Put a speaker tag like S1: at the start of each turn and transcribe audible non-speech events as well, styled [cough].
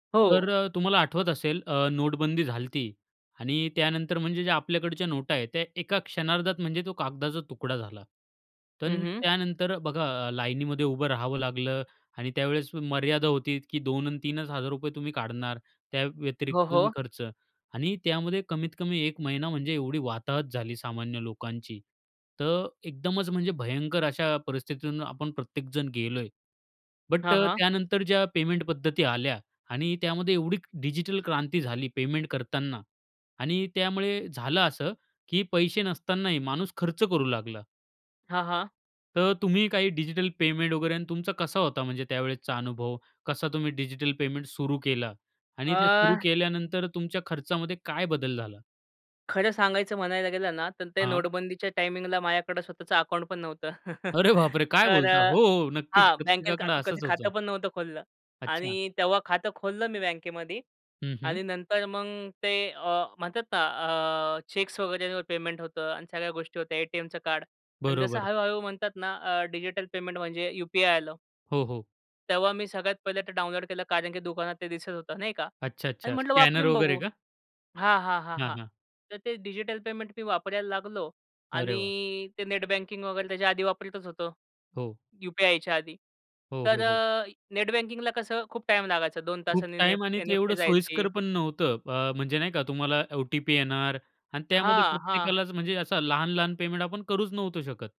S1: हो.
S2: तर अ, तुम्हाला आठवत असेल अ, नोटबंदी झाली होती. आणि त्यानंतर म्हणजे ज्या आपल्याकडच्या नोटा आहेत, त्या एका क्षणार्धात म्हणजे तो कागदाचा तुकडा झाला. तर
S1: हं, हं.
S2: त्यानंतर बघा लाईनमध्ये उभं राहावं लागलं आणि त्यावेळेस मर्यादा होती, की ₹2-3च हजार तुम्ही काढणार. त्या व्यतिरिक्त
S1: हो,
S2: तुम्ही
S1: हो.
S2: खर्च आणि त्यामध्ये कमीतकमी 1 महिना म्हणजे एवढी वाताहत झाली सामान्य लोकांची. तर एकदमच म्हणजे भयंकर अशा परिस्थितीतून आपण प्रत्येकजण गेलोय. बट
S1: हां,
S2: अ,
S1: हां.
S2: त्यानंतर ज्या पेमेंट पद्धती आल्या आणि त्यामध्ये एवढी डिजिटल क्रांती झाली पेमेंट करतांना. आणि त्यामुळे झालं असं, की पैसे नसतानाही माणूस खर्च करू लागला.
S1: हां, हां.
S2: तर तुम्ही काही डिजिटल पेमेंट वगैरे आणि तुमचा कसा होता म्हणजे त्यावेळेसचा अनुभव? कसा तुम्ही डिजिटल पेमेंट सुरू केला? आणि ते सुरू
S1: अ
S2: केल्यानंतर तुमच्या खर्चामध्ये काय बदल झाला?
S1: खरं सांगायचं म्हणायला गेलं ना, तर ते
S2: हां.
S1: नोटबंदीच्या टायमिंगला माझ्याकडं स्वतःचं अकाउंट पण नव्हतं. [chuckles]
S2: अरे बापरे! काय
S1: तर
S2: बोलता?
S1: अ,
S2: हो, हो. नक्कीच
S1: हा बँकेत का
S2: प्रत्येकाकडे
S1: कधी
S2: असंच
S1: खातं
S2: होतं.
S1: पण नव्हतं खोललं.
S2: अच्छा.
S1: आणि तेव्हा खातं खोललं मी बँकेमध्ये.
S2: हं, हं.
S1: आणि नंतर मग ते अ, म्हणतात ना अ, चेक्स वगैरे वर पेमेंट होतं. आणि सगळ्या गोष्टी होत्या एटीएमचं कार्ड आणि जसं
S2: बरोबर.
S1: हळूहळू म्हणतात ना अ, डिजिटल पेमेंट म्हणजे यूपीआय आलं.
S2: हो, हो.
S1: तेव्हा मी सगळ्यात पहिले ते डाउनलोड केलं, कारण की दुकानात ते दिसत होतं नाही का.
S2: अच्छा,
S1: आणि
S2: अच्छा
S1: म्हटलं
S2: स्कॅनर
S1: वापरून
S2: वगैरे
S1: बघू.
S2: का?
S1: हां, हां, हां,
S2: हां,
S1: हां.
S2: हां.
S1: तर ते डिजिटल पेमेंट मी वापरायला लागलो.
S2: अरे
S1: आणि
S2: वाह!
S1: ते नेटबँकिंग वगैरे त्याच्या आधी वापरतच होतो,
S2: हो.
S1: यूपीआयच्या आधी.
S2: हो,
S1: तर
S2: हो, हो.
S1: अ, नेट बँकिंगला कसं खूप टाईम लागायचा दोन
S2: खूप
S1: तासांनी ने नेफ
S2: टाईम आणि ते
S1: एनइएफटी
S2: एवढं
S1: जायची.
S2: सोयीस्कर पण नव्हतं. अ, म्हणजे नाही का तुम्हाला ओटीपी येणार आणि त्यामध्ये
S1: हां, हां.
S2: प्रत्येकालाच म्हणजे असं लहान-लहान पेमेंट आपण करूच नव्हतो शकत.